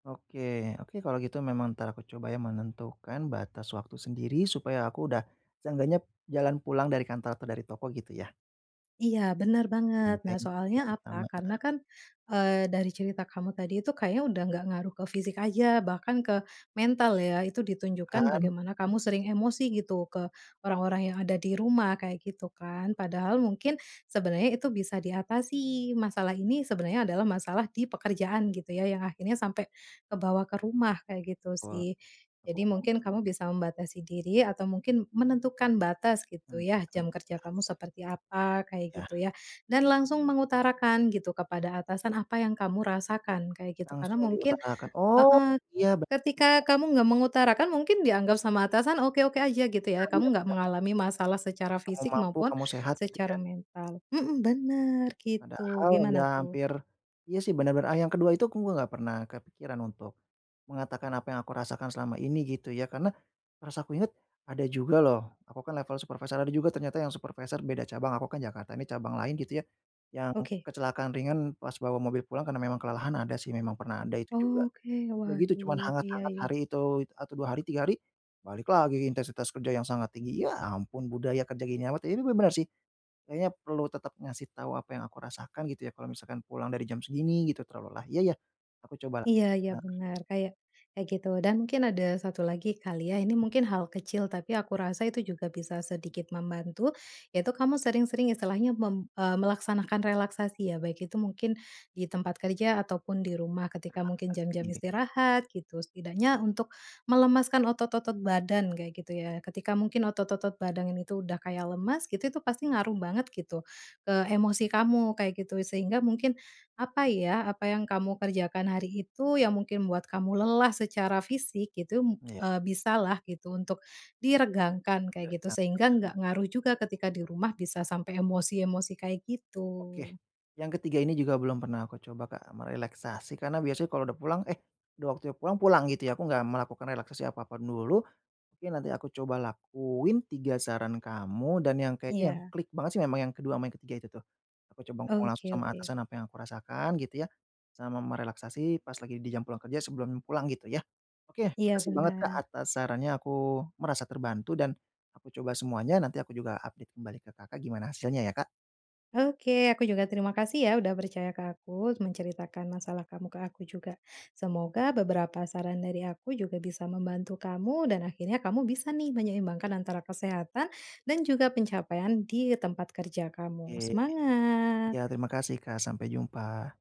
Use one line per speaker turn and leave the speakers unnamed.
Oke, oke, kalau gitu memang entar aku coba, ya, menentukan batas waktu sendiri supaya aku udah seenggaknya jalan pulang dari kantor atau dari toko, gitu ya.
Iya, bener banget. Nah,
Genteng
soalnya
yang
apa?
sama.
Karena
Heeh.
kan, eee, dari cerita kamu tadi, itu kayaknya udah nggak ngaruh ke fisik aja, bahkan ke mental, ya, itu ditunjukkan
Kan.
bagaimana kamu sering emosi gitu ke orang-orang yang ada di rumah, kayak gitu kan, padahal mungkin sebenernya itu bisa diatasi, masalah ini sebenernya adalah masalah di pekerjaan, gitu ya, yang akhirnya sampai kebawa ke rumah, kayak gitu
Wah.
sih. Jadi mungkin kamu bisa membatasi diri atau mungkin menentukan batas, gitu
Hmm,
ya,
kem
jam kerja
tas.
kamu seperti apa, kayak gitu,
Ya.
ya, dan langsung mengutarakan kepada atasan apa yang kamu rasakan, kayak gitu. Karena
Langsung
mungkin
diutarakan. Oh,
heeh,
iya, bener.
ketika kamu nggak mengutarakan, mungkin dianggap sama atasan oke-oke aja, gitu
Iya
ya,
iya,
kamu nggak
bener.
mengalami masalah secara
Kamu
fisik mau
mampu,
pun
kamu sehat, gitu
secara
ya.
mental, mhm, bener, gitu,
Padahal udah
gimana tuh?
hampir iya, sih, benar-benar, a yang ke-2 itu aku nggak pernah kepikiran untuk mengatakan apa yang aku rasakan selama ini, gitu ya, karena merasa aku ingat, ada juga loh aku kan level supervisor, ada juga ternyata yang supervisor beda cabang. Aku kan Jakarta, ini cabang lain, gitu ya, yang
Oke.
kecelakaan ringan pas bawa mobil pulang karena memang kelelahan, ada sih memang, pernah ada itu juga.
Oke,
Ya, gitu, cuman
waduh, iya
hangat-hangat
iya.
hari itu, atau 2 hari, 3 hari balik lagi intensitas kerja yang sangat tinggi, ya, ampun, budaya kerja gini amat. Ya, ini bener bener sih, kayaknya perlu tetap ngasih tau apa yang aku rasakan, gitu ya, kalau misalkan pulang dari jam segini, gitu, terlalu lelah, ya ya, aku coba lah.
Iya iya, benar. Kayak kayak gitu. Dan mungkin ada satu lagi kali, ya. Ini mungkin hal kecil, tapi aku rasa itu juga bisa sedikit membantu, yaitu kamu sering-sering istilahnya mem eee, melaksanakan relaksasi, ya, baik itu mungkin di tempat kerja atau pun di rumah ketika mungkin jam-jam
Relaksasi.
istirahat, gitu, setidaknya untuk melemaskan otot-otot badan, kayak gitu, ya, ketika mungkin otot-otot badang ini tuh udah kayak lemas, gitu, itu pasti ngaruh banget, gitu, ke emosi kamu, kayak gitu, sehingga mungkin apa, ya, apa yang kamu kerjakan hari itu yang mungkin membuat kamu lelah secara fisik, gitu,
Iya.
eee, bisa lah gitu, untuk diregangkan,
Iya,
kayak gitu, sehingga
benar.
nggak ngaruh juga ketika di rumah bisa sampai emosi-emosi kayak
Oke,
gitu.
yang ke-3 ini juga belum pernah aku coba, Kak, merelaksasi, karena biasanya kalau udah pulang, eh, udah waktunya pulang, pulang, gitu ya, aku nggak melakukan relaksasi apa pun dulu. Mungkin nanti aku coba lakuin 3 saran kamu dan yang kayaknya yang
Iya.
klik banget sih memang yang ke-2 ama yang ke-3 itu tuh, aku coba ngomong langsung
Oke
sama
oke.
atasan, apa yang aku rasakan, gitu ya, sama merelaksasi pas lagi di jam pulang kerja sebelum pulang, gitu ya. Oke,
Iya,
makasih banget, Kak,
benar.
atas sarannya, aku merasa terbantu dan aku coba semuanya, nanti aku juga update kembali ke Kakak gimana hasilnya ya, Kak.
Oke, aku juga terima kasih, ya, udah percaya ke aku, menceritakan masalah kamu ke aku juga, semoga beberapa saran dari aku juga bisa membantu kamu dan akhirnya kamu bisa nih menyeimbangkan antara kesehatan dan juga pencapaian di tempat kerja kamu.
Oke,
Semangat.
ya, terima kasih, Kak, sampai jumpa.